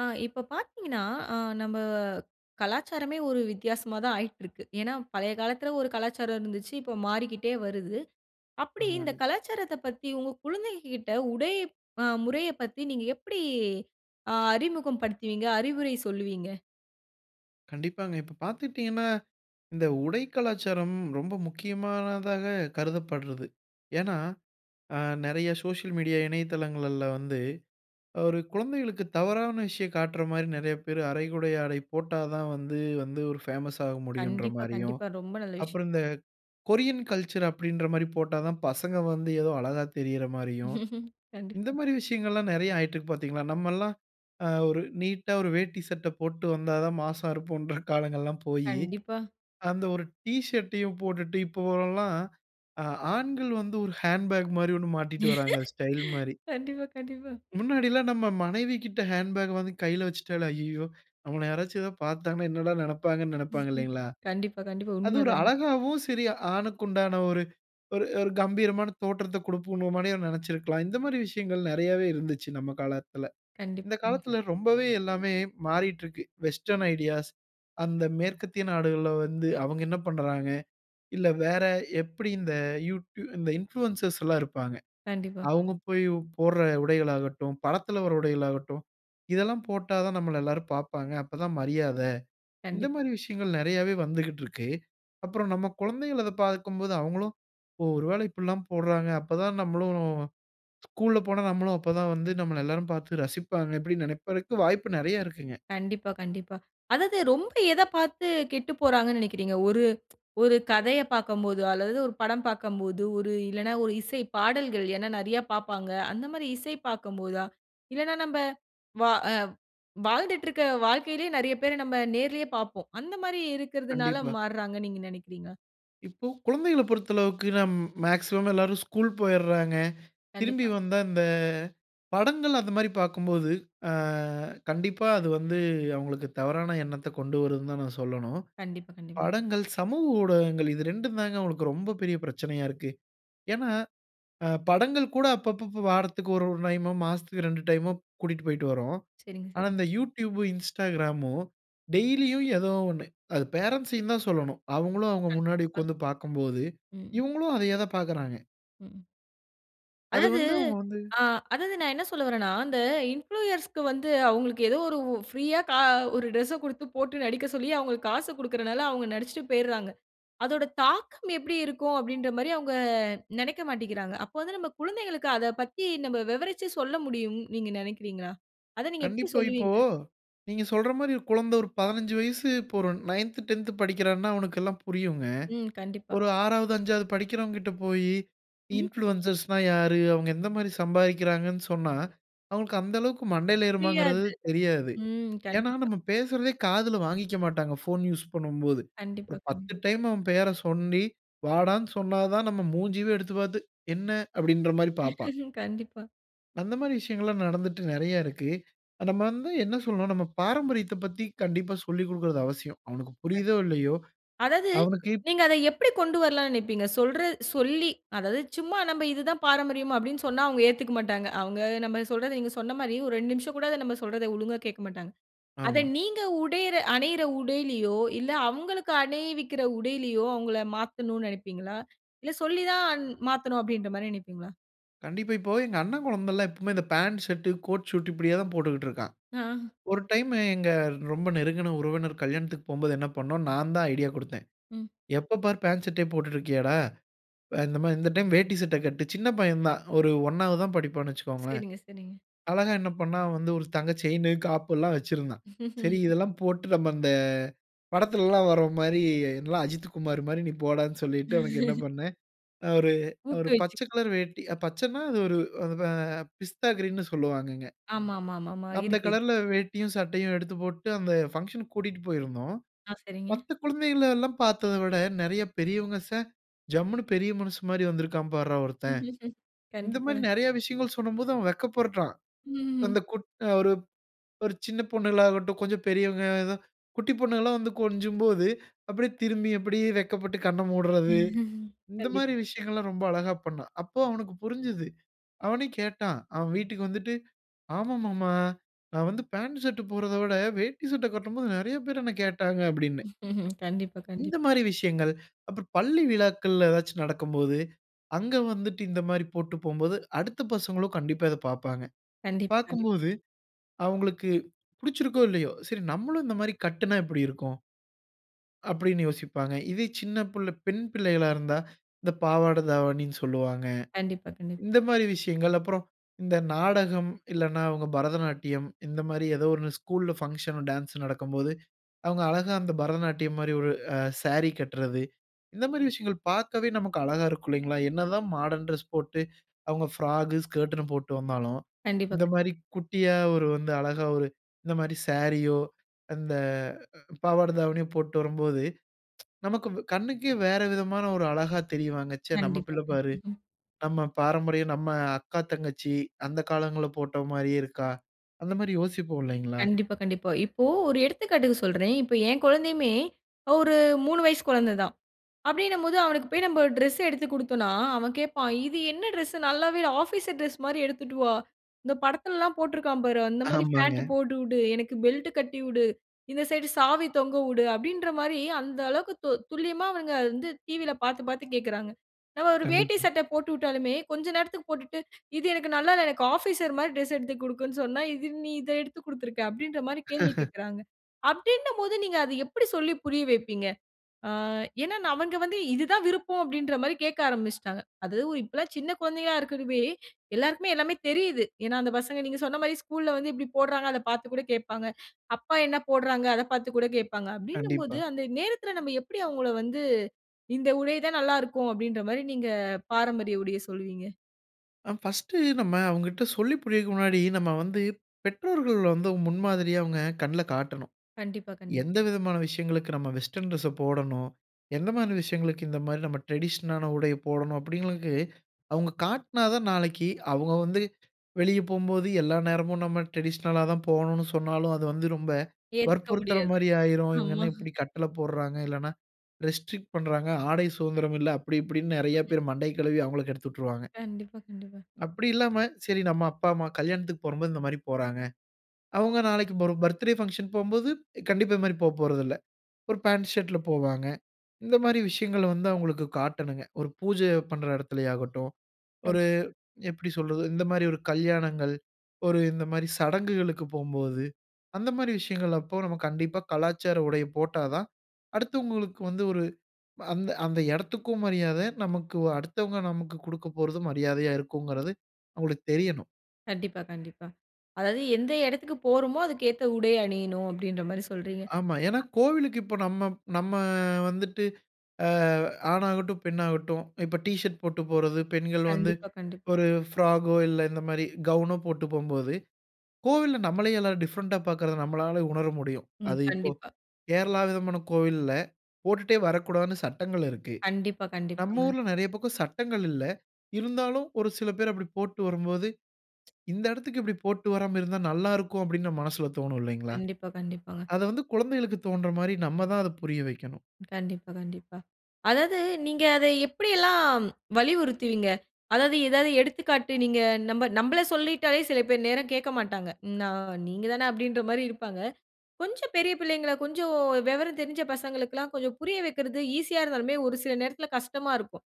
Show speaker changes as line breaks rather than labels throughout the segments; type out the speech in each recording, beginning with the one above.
ஆ இப்ப பாத்தீங்கன்னா, அ நம்ம கலாச்சாரமே ஒரு வித்தியாசமா தான் ஆயிட்டுருக்கு. ஏன்னா பழைய காலத்துல ஒரு கலாச்சாரம் இருந்துச்சு, இப்ப மாறிக்கிட்டே வருது. அப்டி
ஆமா.
இந்த கலாச்சாரத்த பத்தி உங்க குழந்தைங்ககிட்ட உடை அ முறைய பத்தி நீங்க எப்டி அ அறிமுகம்படுத்துவீங்க, அறிவுரை சொல்லுவீங்க?
கண்டிப்பாங்க இப்ப பாத்துட்டீங்கன்னா, இந்த உடை கலாச்சாரம் ரொம்ப முக்கியமானதாக கருதப்பட்றது. ஏன்னா அ நெறைய சோசியல் மீடியா இணையதளங்கள்ல வந்து, ஒரு குழந்தைகளுக்கு தவறான விஷயம் காட்ற மாரி நெறைய பேரு அரைகுறை ஆடை போட்டாதான் வந்து வந்து ஒரு பேமஸ் ஆக முடியும்ன்ற
கண்டிப்பா,
மாரியும்,
கண்டிப்பா. ரொம்ப நல்ல விஷயம்.
அப்புறம் இந்த கொரியன் கல்ச்சர் அப்டின்ற மாரி போட்டாதான் பசங்க வந்து ஏதோ அழகா தெரியிற மாரியும். இந்த
கண்டிப்பா.
மாரி விஷயங்கள்லாம் நெறைய ஆயிட்டுருக்கு பாத்தீங்களா? நம்ம எல்லாம் அ ஒரு நீட்டா ஒரு வேட்டி சட்ட போட்டு வந்தாதான் மாஸா இருப்போம்ன்ற காலங்கள் எல்லாம் போயி,
கண்டிப்பா.
அந்த ஒரு டீஷர்ட்டையும் போட்டுட்டு இப்பவெல்லாம், அ ஆண்கள் வந்து ஒரு ஹேண்ட்பேக் மாரி 1 மாட்டிட்டு வர்றாங்க ஸ்டைல் மாரி.
கண்டிப்பா, கண்டிப்பா.
முன்னாடில்லாம் நம்ம மனைவி கிட்ட ஹேண்ட்பேக் வாங்கி கையில வச்சிட்டாலே, "அய்யய்யோ! நம்மள யாராச்சும் ஏதா பார்த்தாங்கன்னா என்னடா நெனப்பாங்கன்னு" நெனப்பாங்க
ம்ஹம்.
இல்லைங்களா?
கண்டிப்பா, கண்டிப்பா.
அது ஒரு
உண்மதாங்க.
அழகாவும், சரி ஆணுக்கு உண்டான ஒரு ஒரு ஒரு கம்பீரமான தோற்றத்த குடுப்புநோமனே நெனச்சிருக்கலாம். இந்த மாதிரி விஷயங்கள் நெறையவே இருந்துச்சு நம்ம காலத்துல.
கண்டிப்
இந்த
ம்.
காலத்துல ரொம்பவே எல்லாமே மாறிட்டுருக்கு. வெஸ்டர்ன் ஐடியாஸ் அந்த மேற்கத்திய நாடுகள்ல வந்து அவங்க என்ன பண்றாங்க? இல்ல வேற எப்டி இந்த யூடி இந்த இன்புளூயன்சர்ஸ் எல்லா இருப்பாங்க.
கண்டிப்பா.
அவுங்க போயி போட்ற உடைகள் ஆகட்டும், படத்துல வர்ற உடைகள் ஆகட்டும், "இதெல்லாம் போட்டாதான் நம்மள எல்லாரும் பார்ப்பாங்க அப்பதான் மரியாத" இந்த
கண்டிப்
மாதிரி விஷயங்கள் நெறையவே வந்துகிட்டு இருக்கு. அப்புறம் நம்ம குழந்தைகள் அத பார்க்கும்போது அவுங்களும், "ஓ! ஒருவேள இப்டிலாம் போட்றாங்க அப்பதான் நம்மளும்" [unintelligible] ஸ்கூல்ல போனா நம்மளும் அப்பதான் வந்து நம்மள எல்லாரும் பார்த்து ரசிப்பாங்கனு அப்டினு நினைப்பருக்கு வாய்ப்பு நெறைய இருக்குங்க.
கண்டிப்பா, கண்டிப்பா. அதாவது ரொம்ப எத பாத்து கெட்டுப்போறாங்கன்னு நினைக்கிறீங்க. ஒரு ஒரு கதைய பாக்கம்போது, அல்லது ஒரு படம் பாக்கம்போது இல்லன்னா, ஒரு இசைப்பாடல்கள், ஏன்னா நெறைய பாப்பாங்க. அந்த மாரி இசை பாக்கும்போதா? இல்லன்னா நம்ப வ அ வாழ்ந்துட்டுருக்க வாழ்க்கையிலயே நெறைய பேர நம்ம நேர்லயே பாப்போம். அந்த மாரி இருக்குறதுனால
கண்டிப்பா.
மார்றாங்கன்னு நீங்க நெனைக்கிறீங்களா?
இப்போ குழந்தைகள பொறுத்த அளவுக்கு, நம் மேக்ஸிமம் எல்லாரும் ஸ்கூல் போயிறாங்க. திரும்பி
கண்டிப்பா.
வந்தா இந்த படங்கள் அந்த மாரி பார்க்கும்போது ஆ. கண்டிப்பா அது வந்து அவங்களுக்கு தவறான எண்ணத்த கொண்டு வருதுனு தான் நான் சொல்லனும்.
கண்டிப்பா, கண்டிப்பா.
படங்கள், சமூக ஊடகங்கள் இது 2ம் தான் அவங்களுக்கு ரொம்ப பெரிய பிரச்சனையா இருக்கு. ஏன்னா அ படங்கள் கூட அப்பப்ப வாரத்திக்கு 1, 1 டைமோ மாசத்துக்கு 2 டைமோ கூட்டிட்டு போய்ட்டு வறோம்.
சரிங்க,
ஆனா
சரிங்க.
இந்த You tube, Instagramமு டெய்லியும் ஏதோ ஒண்ணு அது பேரன்ட்ஸ்சயும் தான் சொல்லனும். அவங்களும் அவங்க முன்னாடி
கண்டிப்பா.
உட்கார்ந்து பார்க்கும்போது
ம்.
இவங்களும் அதையேதான் பார்க்குறாங்க.
ம்.
அது
அதாவது
வந்து அவங்க வந்து
ஆ அதாவது நான் என்ன சொல்ல வறேனா, அந்த இன்ஃப்ளூயர்ஸ்‌க்கு வந்து அவங்களுக்கு ஏதோ ஒரு ப்ரீயா கா 1 டிரெஸ்‌ச குடுத்து, போட்டு நடிக்க சொல்லி அவங்களுக்கு காச கொடுக்குறனால அவங்க நடிச்சுட்டு போயிறாங்க. அதோட தாக்கம் எப்டி இருக்கும் அப்டின்ற மாரி அவங்க நெனைக்க மாட்டிக்கிறாங்க. அப்ப வந்து நம்ம குழந்தைகளுக்கு அத பத்தி, நம்ம விவரிச்சி சொல்ல முடியும்னு நீங்க நெனைக்கிறீங்களா? அத நீங்க எப்டி
கண்டிப்பா. இப்போ,
சொல்லுவீங்க?
நீங்க சொல்ற மாரி ஒரு குழந்த ஒரு 15 வயசு இப்ப ஒரு நயன்த் டென்த் 9த், 10த் படிக்கிறான்னா அவனுக்கு எல்லா புரியுங்க.
ம். கண்டிப்பா.
ஒரு 6வது 5வது படிக்கிறவங்ககிட்ட போயி
ம்.
இன்ஃப்ளுயன்சர்ஸ்னா யாரு? அவங்க எந்த மாரி சம்பாதிக்கிறாங்கனு சொன்னா, அவங்களுக்கு அந்த அளவுக்கு மண்டையில ஏறுமாங்கறது
புரியாது.
தெரியாது.
ம்.
ஏன்னா
கண்டிப்பா.
நம்ம பேசுறதே காதில வாங்கிக்க மாட்டாங்க. போன் யூசு பண்ணும்போது
கண்டிப்பா,
ஒரு
கண்டிப்
10 டைம் அவன் பெயரை சொல்லி வாடான்னு, சொன்னா தான் நம் மூஞ்சியே எடுத்து பார்த்து, "என்ன" அப்டின்ற மாரி பார்ப்பான்.
கண்டிப்பா.
அந்த மாரி விஷயங்கள்லாம் நடந்துட்டு நிறைய இருக்கு. நம்ம வந்து என்ன சொல்றோம் நம்ம பாரம்பரியத்தப் பத்தி கண்டிப்பா சொல்லி குடுக்கறது அவசியம். அவனுக்கு புரியுதோ இல்லையோ.
அதாவது,
அவனுக்கு இப்
நீங்க அத எப்டி கொண்டு வரலாம்னு நினைப்பீங்க? சொல்றது சொல்லி அதாவது சும்மா நம்ம இது தான் பாரம்பரியம் அப்டின்னு சொன்னா அவங்க ஏத்துக்க மாட்டாங்க. அவங்க நம்ம சொல்றத நீங்க சொன்ன மாரி, ஒரு 2 நிமிஷம் கூட அத நம்ம சொல்றத ஒழுங்கா கேட்க மாட்டாங்க. அத
ஆமா.
நீங்க உடையற அணியிற உடையிலையோ இல்ல, அவங்ளுக்கு அணிவிக்கிற உடையிலையோ. அவங்கள மாத்தனும்னு நினைப்பீங்களா? இல்ல சொல்லி தான் மாத்தனு அப்டின்ற மாரி நினைப்பீங்களா?
கண்டிப்பா. இப்போ எங்க அண்ணன் குழந்தைல்லாம் எப்பயுமே இந்த பேண்ட், ஷர்ட், கோட், சூட் இப்டியே தான் போட்டுட்டு இருக்கான்.
ஆ.
ஒரு டைம்மு எங்க ரொம்ப நெருங்குன உறவினர் கல்யாணத்துக்கு போம்போது என்ன பண்ணோம். நான் தான் ஐடியா குடுத்தேன்.
ம்.
எப்ப பாரு பேண்ட், ஷர்டே போட்டுட்டு இருக்கியாடா. அ இந்த மாரி இந்த டைம் வேட்டி, சட்டை கட்டு. சின்ன பையன் தான் ஒரு 1ஆவது தான் படிப்பான்னு வச்சிக்கோங்கோளேன்.
சரிங்க. சரிங்க.
அழகா என்ன பண்னான் வந்து ஒரு தங்க செயினு, காப்பு எல்லாம் வச்சிருந்தான். சரி இதெல்லாம் போட்டு நம்ம அந்த அ படத்துலல்லாம் வர்றோம் மாரி எல்லாம் அஜித்துகுமாரு மாரி நீ போடானு சொல்லிட்டு அவனுக்கு என்ன பணனேன். அ ஒரு ஒரு
ஊக்குவிச்சு
பச்ச கலர் வேட்டி பச்சனா அது ஒரு அ பிஸ்தா கிரீன்னு சொல்லுவாங்கங்க.
ஆமாமாமாமா,
அந்த
இருக்கு இருக்
கலர்‌ல வேட்டியும், சட்டையும் எடுத்து போட்டு. அந்த பங்ஷன்‌க்கு கூட்டிட்டு போயிருந்தோம்.
ஆ. சரிங்க.
மத்த குழந்தைகள எல்லாம் பார்த்ததை விட நிறைய பெரியவங்க ச ஜம்முனு பெரிய மனுசன் மாரிவந்திருக்கான் பார்ரா ஒருத்தன். இந்த மாரி
கண்டிப்பாங்க.
நிறைய விஷயங்கள் சொல்லும்போது அவன் வெட்கப்பருடுறான்.
ம்ஹ்ம்.
அந்த கொட் ஒரு ஒரு சின்ன பொண்ணுகளாகட்டும், கொஞ்சம் பெரியவங்க ஆ. குட்டி பொண்ணுகலா வந்து கொஞ்சும்போது அப்டியே திரும்பி அப்டியே வெட்கப்பட்டு கண்ண மூட்றது. இந்த
கண்டிப்
மாரி விஷயங்கள்லாம் ரொம்ப அழகா பண்னான். அப்போ அவனுக்கு புரிஞ்சுது. அவனே கேட்டான், அவன் வீட்டுக்கு வந்துட்டு. ஆமா மாமா நான் வந்து பாண்ட், ஷர்ட் போட்றத விட, வேட்டி, சட்ட கட்டும்போது நிறைய பேர் என்ன கேட்டாங்க அப்டின்னு.
கண்டிப்பா.
இந்த
கண்டிப்பா.
மாரி விஷயங்கள். அப்புறம் பள்ளி விழாக்கள்ல ஏதாச்சும் நடக்கும்போது. அங்க வந்துட்டு இந்த மாரி போட்டு போம்போது. அடுத்த பசங்களும் கண்டிப்பா இத பாப்பாங்க.
கண்டிப்பா. கண்டிப்
பார்க்கும்போது, அவுங்களுக்கு புடிச்சிருக்கோ, இல்லையோ. சரி நம்மளும் இந்த மாரி கட்டுனா எப்டி இருக்கும். அப்டினு யோசிப்பாங்க. இதே சின்ன புள்ள பெண் பிள்ளைகளா இருந்தா. இந்த பாவாட தாவணினு சொல்வாங்க.
கண்டிப்பா. கண்டிப்
இந்த மாரி விஷயங்கள். அப்புறம் இந்த நாடகம் இல்லனா, அவங்க பரதநாட்டியம் இந்த மாரி ஏதோ ஒரு ஸ்கூல்‌ல் பங்ஷனோ, டான்ஸ்சோ நடக்கும்போது. அவங்க அழகா அந்த பரதநாட்டியம் மாரி ஒரு அ சாரி கட்றது. இந்த மாரி விஷயங்கள் பார்க்கவே நமக்கு அழகா இருக்கும் இல்லைங்களா. என்னதான் மாடர்ன் டிரெஸ் போட்டு. அவங்க ஃப்ராக், ஸ்கர்ட்னு போட்டு வந்தாலும்.
கண்டிப்பா.
இந்த
கண்
மாரி குட்டியா ஒரு வந்து அழகா ஒரு இந்த மாரி சாரியோ, அந்த பாவாட, தாவணியோ போட்டு வரும்போது. நமக்கு கண்ணுக்கே வேற விதமான ஒரு அழகா தெரிவாங்க. ச்சே நம்ம
கண்டிப்பா.
பிள்ள
கண்
பாரு. நம்ம பாரம்பரியம் நம்ம அக்கா, தங்கச்சி அந்த காலங்கள்ல போட்டோ மாரியே இருக்கா. அந்த மாரி யோசிப்போம் இல்லைங்களா?
கண்டிப்பா. கண்டிப்பா. இப்போ ஒரு எடுத்துக்காட்டுக்கு சொல்றேன். இப்போ என் குழந்தையுமே, ஒரு அ 3 வயசு குழந்தை தான். அப்டின்னும் போது அவனுக்கு போய் நம்ம டிரெஸ் எடுத்து குடுத்தோனா. அவன் கேப்பான், இது என்ன டிரெஸ்சு நல்லாவே இல்ல. ஆஃபீசர் டிரெஸ் மாரி எடுத்துட்டு வா. இந்த படத்துல்லாம் போட்ருக்கான் பாரு அந்த மாரி
ஆமாங்க.
பேண்ட்டு போட்டு உடு, எனக்கு பெல்ட் கட்டி உடு, இந்த சைட் சாவி தொங்க உடு, அப்டின்ற மாரி. அந்த அளவுக்கு தொ துல்லியமா அவனுங்க வந்து டிவில பார்த்து பார்த்து கேட்குறாங்க. நம்ம ஒரு வேட்டி,
கண்டிப்பா.
சட்டை போட்டு ஊட்டாலுமே, கொஞ்சம் நேரத்துக்கு போட்டுட்டு. இது எனக்கு நல்லால, எனக்கு ஆஃபீசர் மாரி டிரெஸ் எடுத்து குடுக்குனு சொன்னா இது நீ இத எடுத்து குடுத்துருக்கா. அப்டின்ற மாரி கேள்வி கேட்கறாங்க. அப்டின்னும் போது, நீங்க அத எப்டி சொல்லி புரிய வைப்பீங்க? ஆ ஏனா, அவங்க வந்து இது தான் விருப்பம் அப்டின்ற மாரி கேட்க ஆரம்மிச்சிட்டாங்க. அதுவும் இப்பல்லாம் சின்ன குழந்தையா இருக்கதுவே, எல்லோருக்குமே எல்லாமே தெரியிது. ஏனா அந்த பசங்க நீங்க சொன்ன மாரி ஸ்கூல்‌ல வந்து இப்டி போடுறாங்க. அத பார்த்து கூட கேட்பாங்க. அப்பா என்ன போட்றாங்க, அத பார்த்து கூட கேட்பாங்க அப்டினும் போது
கண்டிப்பா.
அந்த நேரத்துல நம்ம எப்டி அவங்கள வந்து. இந்த உடை தான் நல்லா இருக்கும், அப்டின்ற மாரி நீங்க பாரம்பரிய உடைய சொல்வீங்க?
அ ஃபர்ஸ்ட் நம்ப அவுங்கிட்ட சொல்லி புரியவைக்கிற முன்னாடி நம்ப வந்து பெற்றோங்கள் வந்து முன்மாதிரியா அவுங்க கண்ணுல காட்டனும்.
கண்டிப்பா, கண்டிப்
எந்தவிதமான விஷயங்களுக்கு நம்ப வெஸ்டர்ன் டிரெஸஸ போடணும், எந் மாரி விஷயங்களுக்கு இந்தமாரி நம்ம டிரடிஷனலான உடைய போடணும். அப்பிடிங்கிறவங்களுக்கு அவுங்க காட்டுனா தான், நாளைக்கு அவுங்க வந்து வெளிய போம்போது எல்லா நேரமும் நம்ப டிரடிஷனலா தான் போவணுன்னு சொன்னாலும் அது வந்து ரொம்ப
ஏத்துக்க முடியாது.
வற்புறுத்துறமாரி ஆயிரும். இவுங்க
ஆமா.
என்ன இப்பிடி கட்டள போடுறாங்க! இல்லன்னா, ரெஸ்ட்ரிக்ட் பண்ணுறாங்க. ஆடை சுதந்திரம் இல்ல, அப்பிடி இப்பிடின்னு நிறைய
[unintelligible]
பேர் மண்டைய கழுவி அவுங்கள கெடுத்து விட்ருவாங்க.
கண்டிப்பா, கண்டிப்பா.
அப்பிடி இல்லாம சரி நம்ப அப்பா, அம்மா கல்யாணத்துக்கு போகும்போது இந்தமாரி போறங்க. அவுங்க நாளைக்கு [unintelligible] பர்த்டே பங்ஷன் போம்போது கண்டிப்பா, இது மாரி போப்போறதுல்ல. ஒரு பாண்ட் ஷர்ட்‌ல போவாங்க. இந்தமாரி விஷயங்கள வந்து அவுங்களுக்கு காட்டணுங்க. ஒரு பூஜை பண்ற இடத்தில ஆகட்டும்.
[unintelligible]
ஒரு எப்பிடி சொல்றது, இந்தமாரி ஒரு கல்யாணங்கள், ஒரு இந்த மாதிரி சடங்குகளுக்கு போம்போது, அந்தமாரி விஷயங்கள் அப்போ நம்ம கண்டிப்பா கலாச்சார உடைய போட்டாதான், அடுத்தவங்களுக்கு வந்து ஒரு அ அந்த அந்த இடத்துக்கும் மரியாத, நமக்கு அடுத்தவங்க நமக்கு குடுக்கப்போறதும் மரியாதையா இருக்கும்ங்கிறது, அவுங்களுக்கு தெரியணும்.
கண்டிப்பா, கண்டிப்பா. அதாவது, "எந்த இடத்துக்கு போறோமோ, அதுக்கு ஏத்த உடை அணியணும்." அப்படீன்ற மாரி சொல்றீங்க.
ஆமா. ஏன்னா கோவிலுக்கு இப்ப நம்ம நம்ம வந்துட்டு அ ஆணாகட்டும், பெண்ணாகட்டும் இப்ப டீ ஷர்ட் போட்டு போறது, பெண்கள் வந்து
கண்டிப்பா, கண்டிப்
ஒரு ஃப்ராகோ, இல்ல இந்த மாரி கவுனோ போட்டு போகும்போது, கோவில்ல நம்மளே எல்லாரும் டிஃபரண்ட்‌டா பார்க்குறத நம்மளால உணர முடியும்.
ம்.
அது இப்போ
கண்டிப்பா.
கேரளா விதமான கோவில்ல, போட்டுட்டே வரக்கூடாதுன்னு சட்டங்கள் இருக்கு.
கண்டிப்பா,
நம்ம
கண்டிப்பாங்க.
ஊர்ல நெறைய பக்கம் சட்டங்கள் இல்ல. இருந்தாலும் ஒரு சில பேர் அப்படி போட்டு வரும்போது, "இந்த இடத்துக்கு இப்படி போட்டு வராம இருந்தா நல்லா இருக்கும்." அப்படீன்னு நம்ம மனசுல தோணும் இல்லைங்களா?
கண்டிப்பா, கண்டிப்பாங்க.
அத வந்து குழந்தைகளுக்குத் தோன்ற மாதிரி நம்ம தான் அத புரிய வைக்கண்ணும்.
கண்டிப்பா, கண்டிப்பா. அதாவது நீங்க அத எப்படி எல்லாம் வலியுறுத்துவீங்க? அதாவது, ஏதாவது எடுத்துக்காட்டு நீங்க நம்ப நம்பள சொல்லிட்டாலே சில பேர் நேரம் கேட்க மாட்டாங்க. நா நீங்க தான அப்படீன்ற மாதிரி இருப்பாங்க. கொஞ்சம் பெரிய பிள்ளைங்கள, கொஞ்சம் வெவரம் தெரிஞ்ச பசங்களுக்கெல்லாம் கொஞ்சம் புரிய வைக்கிறது ஈஸியா இருந்தாலுமே, ஒரு சில நேரத்துல கஷ்டமா இருக்கும்.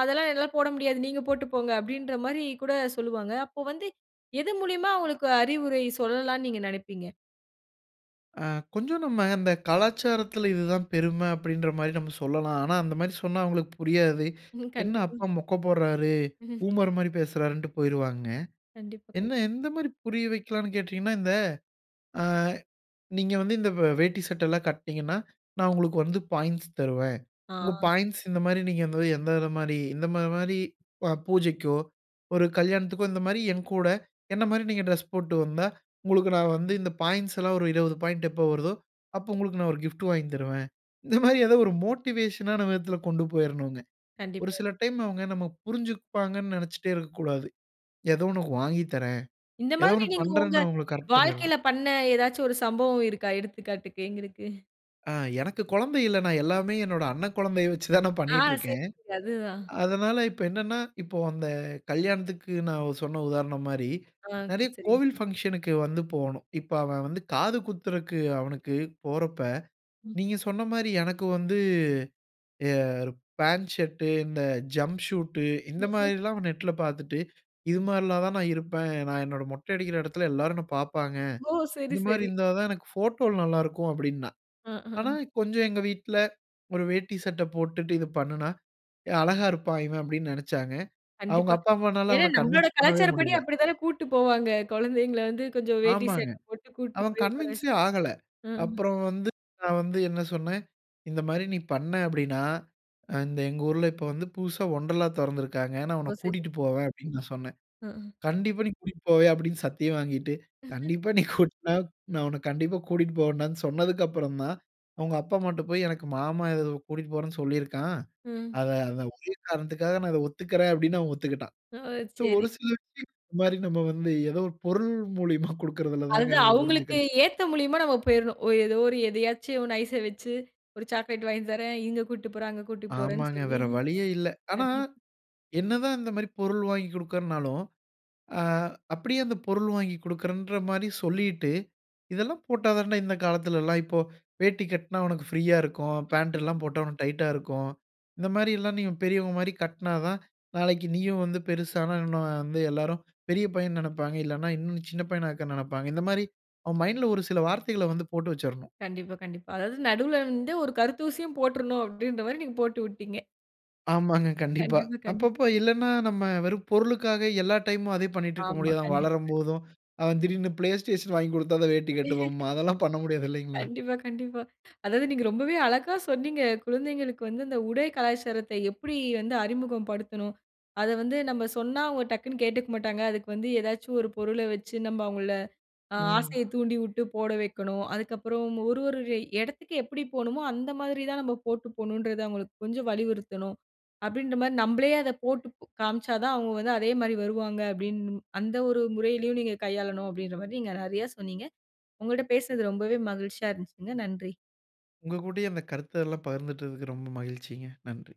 "அதெல்லாம் என்னால போட முடியாது. நீங்க போட்டு போங்க." அப்படீன்ற மாரி கூட சொல்லுவாங்க. அப்போ வந்து, எது மூலியமா அவங்களுக்கு அறிவுரை சொல்லலாம்ன்னு நீங்க நெனைப்பீங்க?
ஆ. கொஞ்சம் நம்ம, அந்த கலாச்சாரத்துல, இது தான் பெரும அப்படீன்ற மாரி நம்ம சொல்லலாம். ஆனா, அந்த மாரி சொன்னா அவுங்களுக்கு புரியாது.
ம்.
என்ன
கண்டிப்பா.
அப்பா மொக்க போட்றாரு?
ம்ஹ்ம்.
பூமர் மாரி பேசுறாருன்ட்டு போயிருவாங்க.
கண்டிப்பா. கண்
என்ன எந்த மாரி புரிய வைக்கலாம்ன்னு கேட்டீங்கன்னா, இந்த அ நீங்க வந்து இந்த வே வேட்டி, சட்டைலாம் கட்னீங்கன்னா, நான் உங்களுக்கு வந்து, பாயிண்ட்ஸ் தருவேன்.
ஆ.
உங்க பாயிண்ட்ஸ் இந்த மாரி நீங்க வந்து எந்த இது மாரி இந்த மா மாரி அ பூஜைக்கோ, ஒரு கல்யாணத்துக்கோ, இந்த மாரி என் கூட, என்ன மாரி நீங்க ட்ரெஸ் போட்டு வந்தா, உங்களுக்கு, நான் வந்து இந்த பாயிண்ட்ஸ் எல்லாம் ஒரு 20 பாயிண்ட் எப்போ வருதோ? அப்போ உங்களுக்கு நான் 1 கிஃப்டு வாங்கி தருவேன்." இந்த மாரி, ஏதோ 1 மோட்டிவேஷனான விதத்துல கொண்டு போயிறணுங்க. ஒரு
கண்டிப்பா.
சில டைம், அவுங்க நம்ம புரிஞ்சுப்பாங்கன்னு நெனைச்சிட்டே இருக்கக்கூடாது. ஏதோ உனக்கு வாங்கி தரேன்.
இந்த
ஏதோ
மாதிரி,
ஒண்ணு
நீங்க ஒங்க
பண்ணுறேன்னு அவங்கள, கரெக்ட் பண்ணிறணும்.
வாழ்க்கைல பண்ண, ஏதாச்சும் ஒரு சம்பவம் இருக்கா? எடுத்துக்காட்டுக்கு எங்களுக்கு.
அ எனக்கு குழந்தை இல்ல. நான் எல்லாமே என்னோட அண்ணன் குழந்தைய வச்சு தான், நான்
ஆ.
பண்ணீட்டுருக்கேன்.
சரிங்க. அதுதான்.
அதனால இப்ப என்னன்னா? இப்போ, அந்த கல்யாணத்துக்கு, நான் சொன்ன உதாரணம் மாரி,
ஆங் க்கு
நெறைய
சரிங்க
கோவில்
சரி
ஃபங்ஷனுக்கு வந்து போனோம். இப்ப அவன் வந்து காது குத்துறக்கு அவனுக்கு, போறப்ப,
ம்.
நீங்க சொன்ன மாரி, எனக்கு வந்து, எர் பேண்ட் ஷர்ட்டு, இந்த ஜம்ப் ஷூட்டு, இந்த
ம்ஹ்ம்.
மாதிரிலாம், அவன் நெட்ல பாத்துட்டு, "இது மாரிலாம் தான், நான் இருப்பேன். நான் என்னோட மொட்டை அடிக்கிற எடத்துல, எல்லோரும் என்னை பாப்பாங்க.
ஓ! சரி,
இந்த மாரி
சரி.
இருந்தா தான், எனக்கு ஃபோட்டோல நல்லாருக்கும்" அப்படீன்னான்.
அ. அ.
ஆனா
அ.
கொஞ்சம் எங்க வீட்ல, "1 வேட்டி, சட்ட போட்டுட்டு இது பண்ணுனா, அழகா இருப்பான், இவன்" அப்படீன்னு நெனைச்சாங்க. அவுங்க
கண்டிப்பா.
அப்பா, அம்மானால
ஏன்னா,
அவன
நம்பளோட
கன்வின்ஸ் பண்ணவே
கலாச்சாரப்படி,
முடியல.
அப்பிடி தானே கூட்டு போவாங்க. கொழந்தைங்கள வந்து கொஞ்சம், வேட்டி
ஆமாங்க.
சட்டை போட்டு, கூப்டு
அவன்
போய் உக்கார வச்
கன்வின்ஸே ஆகல.
அ.
அப்புறம் வந்து நான் வந்து, என்ன சொன்னேன்? "இந்த மாரி நீ பண்ன அப்படீன்னா? அ இந்த எங்க ஊர்ல, இப்ப வந்து, புதுசா வொண்டர்லா தொறந்திருக்காங்க. அ நான் உன்ன
ஓ!
கூட்டிட்டு
சிறப்பு.
போவேன்" அப்படீன்னு நான் சொன்னேன்.
ஆ.
"கண்டிப்பா, நீ கூட்டிட்டு போவயா? "அப்படீன்னு சத்தியம் வாங்கிட்டு,
ம்ஹ்ம்.
கண்டிப்பா. நீ கூட் நா நான் உன்ன கண்டிப்பா கூட்டிட்டு போவேன்டான்னு சொன்னதற்கப்புறந்தான், அவுங்க அப்பா, அம்மாட்ட போய், "எனக்கு மாமா ஏததோ கூட்டிட்டு போறேன்னு சொல்லிருக்கான்.
ம்.
அத அந்த ஒரே காரணத்துக்காக, நான் இத ஒத்துக்கறேன்" அப்படீன்னு, அவன் ஒத்துக்கிட்டான்.
ஓ!
சோ
சரி.
ஒரு சில விஷயங்கள்ல, இந்த மாரி, நம்ம வந்து, ஏதோ ஒரு பொருள் மூலியமா குடுக்கிறதில தாங்க
அதுதான்,
அவுங்க
அவுங்களுக்கு
புரிஞ்சுக்கணும்.
ஏத்த மூலியமா நாம போயிறணும். ஓ ஏதோ ஒரு எதையாச்சு 1 ஐஸ்‌ஸ வைச்சு, ஒரு சாக்லேட் வாங்கி தறேன், இங்க கூட்டு போறேன், அங்க கூட்டி போறேன்னு
ஆமாங்க.
சொல்லி
வேற வழியே இல்ல. ஆனா,
கண்டிப்
என்னதான் இந்த மாரி, பொருள் வாங்கிக் குடுக்கிறேன்னாலும், அ அப்பிடியே அந்த பொருள் வாங்கிக் குடுக்கிறேன்ற மாரி சொல்லிட்டு, இதெல்லாம் போட்டா தான்டா, இந்த காலத்துலல்லாம் இப்பொ, வேட்டி கட்டினா உனக்கு ஃப்ரீயா இருக்கும். பேண்ட் எல்லாம்
[unintelligible]
போட்டா, உனக்கு டைட்டா இருக்கும். இந்த மாரில்லாம், நீங்க பெரியவங்க மாரி கட்டினாதான், நாளைக்கு நீயும் வந்து பெரிசானா இன்னும் வந்து, எல்லாரும் பெரிய பையன்னு நெனைப்பாங்க. இல்லன்னா, இன்னும் சின்ன பையனா இருக்க நெனைப்பாங்க. இந்த மாரி அவன் மைண்டுல ஒரு சில வார்த்தைகள வந்து, போட்டு வச்சுறணும்.
கண்டிப்பா, கண்டிப்பா. அதாவது, நடுவுல வந்து, ஒரு கருத்தூசியும் போட்டுறணும். அப்படீன்ற மாரி நீங்க போட்டுவுட்டீங்க.
ஆமாங்க. கண்டிப்பா.
கண்டிப்பா, கண்டிப்பா.
அப்பப்போ இல்லன்னா நம்ம வெறும் பொருளுக்காக, எல்லா டைமும் அதே பண்ணிட்டிருக்க
ஆமா.
முடியாது, அவன்
கண்டிப் கண்
வளரும்போதும், அவன் திடீர்னு ப்ளேஸ்டேஷன் வாங்கி குடுத்தாதான் வேட்டி கட்டுவேம்பான். அதெல்லாம் பண்ண முடியாது, இல்லைங்களா?
கண்டிப்பா, கண்டிப்பா. அதாவது, நீங்க ரொம்பவே அழகா சொன்னீங்க. குழந்தைகளுக்கு வந்து, அந்த உடை கலாச்சாரத்தை, எப்பிடி வந்து அறிமுகம் படுத்தணும்? அத வந்து, நம்ப சொன்னா, அவுங்க டக்குனு கேட்டுக்க மாட்டாங்க. அதுக்கு வந்து ஏதாச்சு, 1 பொருள வச்சு, நம்ப அவுங்கள ஆ
ம்.
ஆசைய தூண்டிவுட்டு போட வைக்கணும். அதுக்கப்புறம், ஒரு ஒரு எடத்துக்கு எப்பிடி போணுமோ, அந்த மாதிரி தான் நம்ம போட்டு போகணுன்றத, அவுங்களுக்கு கொஞ்சம் வலியுறுத்தணும், அப்பிடீன்ற மாரி. நம்பளே அதை போட்டுக்காமிச்சா தான், அவுங்க வந்து, அதே மாரி வருவாங்க. அப்பிடீன்னு மு அந்த ஒரு முறையிலயும் நீங்க கையாளனும். அப்பிடீன்ற மாரி, நீங்க நெறைய சொன்னீங்க. உங்கள்ட்ட பேசினது ரொம்பவே மகிழ்ச்சியா இருந்துச்சுங்க. நன்றி.
உங்க கூடயு இந்த கருத்து எல்லாம் பகிர்ந்துட்டதற்கு, ரொம்ப மகிழ்ச்சிங்க. நன்றி.